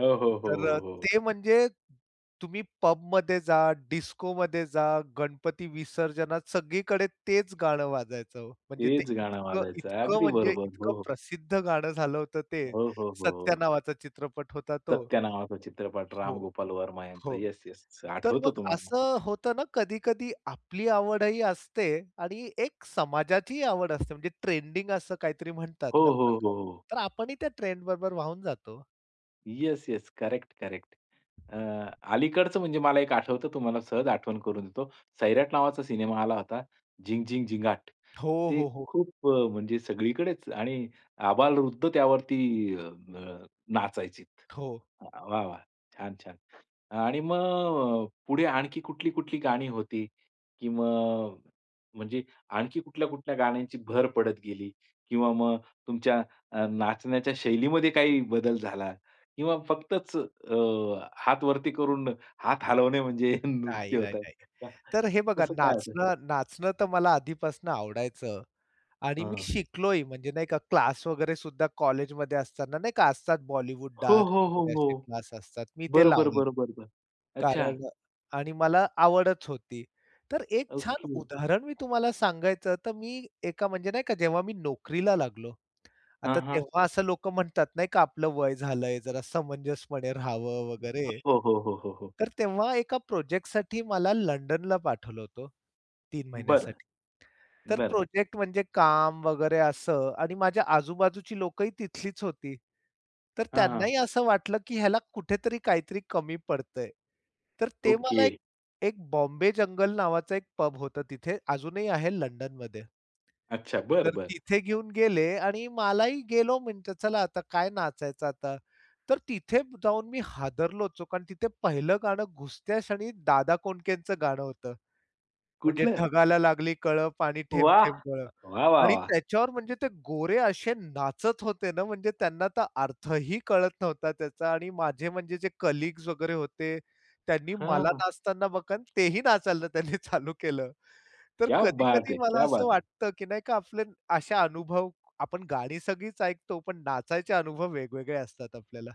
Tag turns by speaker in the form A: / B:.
A: हो, हो, हो,
B: तर
A: हो,
B: अ,
A: हो.
B: ते म्हणजे, तुम्ही पबमध्ये जा, डिस्कोमध्ये जा, गणपती विसर्जनात सगळीकडे तेच गाणं वाजायचं हो. म्हणजे ते
A: तेच गाणं
B: इतकं,
A: वाजायचं.
B: इतकं
A: अगदी
B: म्हणजे
A: बरोबर. हो,
B: इतकं
A: हो.
B: प्रसिद्ध गाणं झालं होतं ते.
A: हो, हो,
B: सत्या
A: हो.
B: नावाचा चित्रपट होता तो.
A: सत्या नावाचा चित्रपट.
B: हो.
A: रामगोपाल वर्मा यांचं.
B: हो.
A: Yes, yes.
B: तर
A: आठवतं
B: मग
A: तुम्हाला मग.
B: असं होतं ना कधी-कधी आपली आवडही असते आणि एक समाजाचीही आवड असते म्हणजे ट्रेंडिंग असं काहीतरी म्हणतात
A: हो,
B: ना
A: हो,
B: प्रकार.
A: हो, हो.
B: तर आपणही त्या ट्रेंड बरोबर वाहून जातो हो.
A: Yes, yes. Correct, correct. अ, अलीकडचं म्हणजे मला एक आठवतं तुम्हाला सहज आठवण करून देतो. सैराट नावाचा सिनेमा आला होता. झिंग, झिंग, झिंगाट.
B: हो,
A: ते
B: हो, हो.
A: खूप अ, म्हणजे सगळीकडेच आणि आबालवृद्ध त्यावरती अ, अ, नाचायचेत.
B: हो.
A: वाह! वाह! छान, छान. आणि मग अ, पुढे आणखी कुठली-कुठली गाणी होती की मग म्हणजे आणखी कुठल्या-कुठल्या गाण्यांची भर पडत गेली? किंवा मग तुमच्या अ, नाचण्याच्या शैलीमध्ये काही बदल झाला? किंवा फक्तच अ, हातवरती करून हात हलवणे म्हणजे
B: नाही,
A: नृत्य
B: नाही,
A: होता.
B: नाही.
A: का
B: तर हे बघा
A: तसं काय होतं?
B: नाचणं नाचणं तर मला आधीपासून आवडायचं. आणि मी
A: हां.
B: शिकलोही म्हणजे, नाही का, क्लास वगैरे सुद्धा कॉलेजमध्ये असताना, नाही का, असतात बॉलिवूड
A: हो,
B: डान्स
A: हो, हो,
B: वगैरे असे
A: हो.
B: क्लास असतात, मी ते
A: बरं, बरं,
B: लावले
A: बरं, बरं, बरं.
B: [unintelligible]
A: अच्छा.
B: कारण अ आणि मला आवडच होती. तर एक छान
A: ओके.
B: उदाहरण मी तुम्हाला सांगायचं तर मी एका म्हणजे, नाही का जेव्हा मी नोकरीला लागलो आता
A: हां, हां.
B: तेव्हा असं लोक म्हणतात, नाही का, आपलं वय झालंय जरा समंजसपणे राहावं वगैरे,
A: हो, हो, हो, हो, हो.
B: तर तेव्हा एका प्रोजेक्टसाठी मला लंडनला पाठवलं होतं, 3
A: बरं.
B: महिन्यासाठी. तर
A: बरं
B: प्रोजेक्ट म्हणजे काम वगैरे असं आणि माझ्या आजू-बाजूची लोकही तिथलीच होती. तर
A: हां, हां.
B: त्यांनाही असं वाटलं की ह्याला कुठेतरी काहीतरी कमी पडतंय. तर ते मला एक,
A: ओके.
B: एक बॉम्बे जंगल नावाचा एक पब होत तिथे अजूनही आहे लंडनमध्ये.
A: अच्छा. बरं,
B: तर
A: बरं.
B: तिथे घेऊन गेले आणि मलाही गेलो म्हणलं चला आता काय नाचायचं आता. तर तिथे जाऊन मी हादरलोच हो, कारण तिथे पहिलं गाणं घुसत्या क्षणी दादा कोंडकेचं गाणं होतं. म्हणजे
A: कुठलं?
B: ढगाला लागली कळं, पाणी
A: वाह!
B: थेंब-थेंब गळं.
A: वाह, वाह,
B: आणि
A: वाह!
B: त्याच्यावर म्हणजे ते गोरे असे नाचत होते ना म्हणजे त्यांना तर अर्थही कळत नव्हता त्याचा आणि माझे म्हणजे जे कलीग्स वगैरे होते, त्यांनी
A: हं,
B: मला
A: हं.
B: नाचताना बघून तेही नाचायला त्यांनी चालू केलं. तर
A: क्या बात है!
B: कधी-कधी मला
A: क्या
B: असं
A: बात है!
B: वाटतं की नाही का आपले असे अनुभव, आपण गाणी सगळीच ऐकतो, पण नाचायचे अनुभव वेगवेगळे असतात आपल्याला.